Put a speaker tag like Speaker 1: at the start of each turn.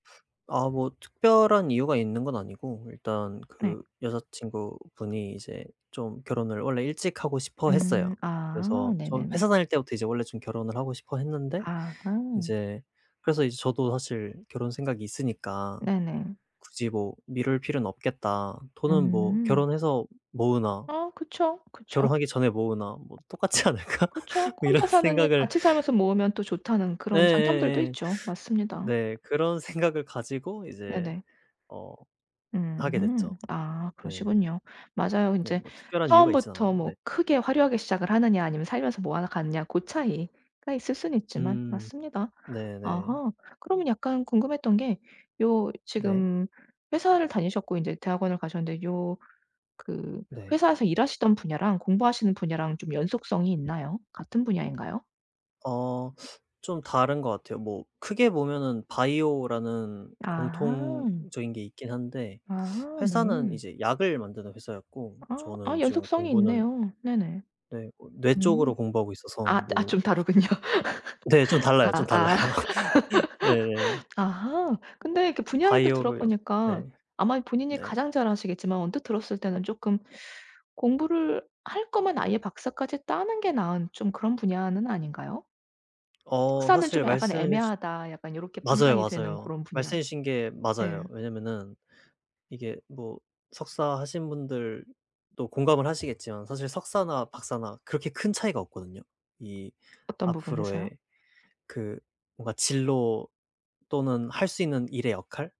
Speaker 1: 아 뭐 특별한 이유가 있는 건 아니고 일단
Speaker 2: 네.
Speaker 1: 그 여자 친구분이 이제 좀 결혼을 원래 일찍 하고 싶어 했어요.
Speaker 2: 음 아
Speaker 1: 그래서 저
Speaker 2: 네네네.
Speaker 1: 회사 다닐 때부터 이제 원래 좀 결혼을 하고 싶어 했는데
Speaker 2: 아.
Speaker 1: 이제 그래서 이제 저도 사실 결혼 생각이 있으니까
Speaker 2: 네네.
Speaker 1: '굳이 뭐 미룰 필요는 없겠다. 돈은 뭐
Speaker 2: 음.
Speaker 1: 결혼해서 모으나'
Speaker 2: 어 그쵸, 그쵸.
Speaker 1: '결혼하기 전에 모으나 뭐 똑같지 않을까?'
Speaker 2: 그쵸.
Speaker 1: 뭐 이런
Speaker 2: 혼자 사느니
Speaker 1: 생각을
Speaker 2: 같이 살면서 모으면 또 좋다는 그런 장점들도
Speaker 1: 예예예.
Speaker 2: 있죠. 맞습니다.
Speaker 1: 네 그런 생각을 가지고 이제
Speaker 2: 네네.
Speaker 1: 어
Speaker 2: 음
Speaker 1: 하게 됐죠.
Speaker 2: 아
Speaker 1: 네.
Speaker 2: 그러시군요. 맞아요.
Speaker 1: 네
Speaker 2: 인제
Speaker 1: 뭐 특별한 이유가 있진
Speaker 2: 처음부터
Speaker 1: 않아요.
Speaker 2: 뭐
Speaker 1: 네.
Speaker 2: 크게 화려하게 시작을 하느냐 아니면 살면서 모아서 가느냐 고 차이가 있을 수는 있지만
Speaker 1: 음.
Speaker 2: 맞습니다.
Speaker 1: 네네.
Speaker 2: 아하. 그러면 약간 궁금했던 게 요
Speaker 1: 네.
Speaker 2: 지금 회사를 다니셨고 인제 대학원을 가셨는데 요 그
Speaker 1: 네.
Speaker 2: 회사에서 일하시던 분야랑 공부하시는 분야랑 좀 연속성이 있나요? 같은 분야인가요?
Speaker 1: 어 좀 다른 거 같아요. 뭐 크게 보면은 바이오라는
Speaker 2: 아 항.
Speaker 1: 공통적인 게 있긴 한데
Speaker 2: 아
Speaker 1: 회사는
Speaker 2: 네.
Speaker 1: 이제 약을 만드는 회사였고
Speaker 2: 아 아
Speaker 1: 저는 지금
Speaker 2: 연속성이
Speaker 1: 공부는
Speaker 2: 있네요. 네네.
Speaker 1: 네 뭐 뇌
Speaker 2: 음.
Speaker 1: 쪽으로 공부하고 있어서
Speaker 2: 아 아
Speaker 1: 뭐
Speaker 2: 좀 다르군요.
Speaker 1: 네 좀 달라요,
Speaker 2: 아
Speaker 1: 좀
Speaker 2: 아
Speaker 1: 달라요. 네네.
Speaker 2: 아하. 근데 그 분야를 또
Speaker 1: 바이오로요.
Speaker 2: 들어보니까
Speaker 1: 네.
Speaker 2: 아마 본인이
Speaker 1: 네.
Speaker 2: 가장 잘 아시겠지만 언뜻 들었을 때는 쪼끔 공부를 할 거면 아예 박사까지 따는 게 나은 좀 그런 분야는 아닌가요?
Speaker 1: 어
Speaker 2: '석사는 좀
Speaker 1: 사실
Speaker 2: 약간
Speaker 1: 말씀해 주
Speaker 2: 애매하다.' 약간 요렇게
Speaker 1: 맞아요,
Speaker 2: 판단이 되는
Speaker 1: 맞아요.
Speaker 2: 고런 분야.
Speaker 1: 말씀해 주신 게 맞아요.
Speaker 2: 예.
Speaker 1: 왜냐면은 이게 뭐 석사 하신 분들도 공감을 하시겠지만 사실 석사나 박사나 그렇게 큰 차이가 없거든요. 이
Speaker 2: 어떤 부분에서요?
Speaker 1: 앞으로의 그 뭔가 진로 또는 할 수 있는 일의 역할?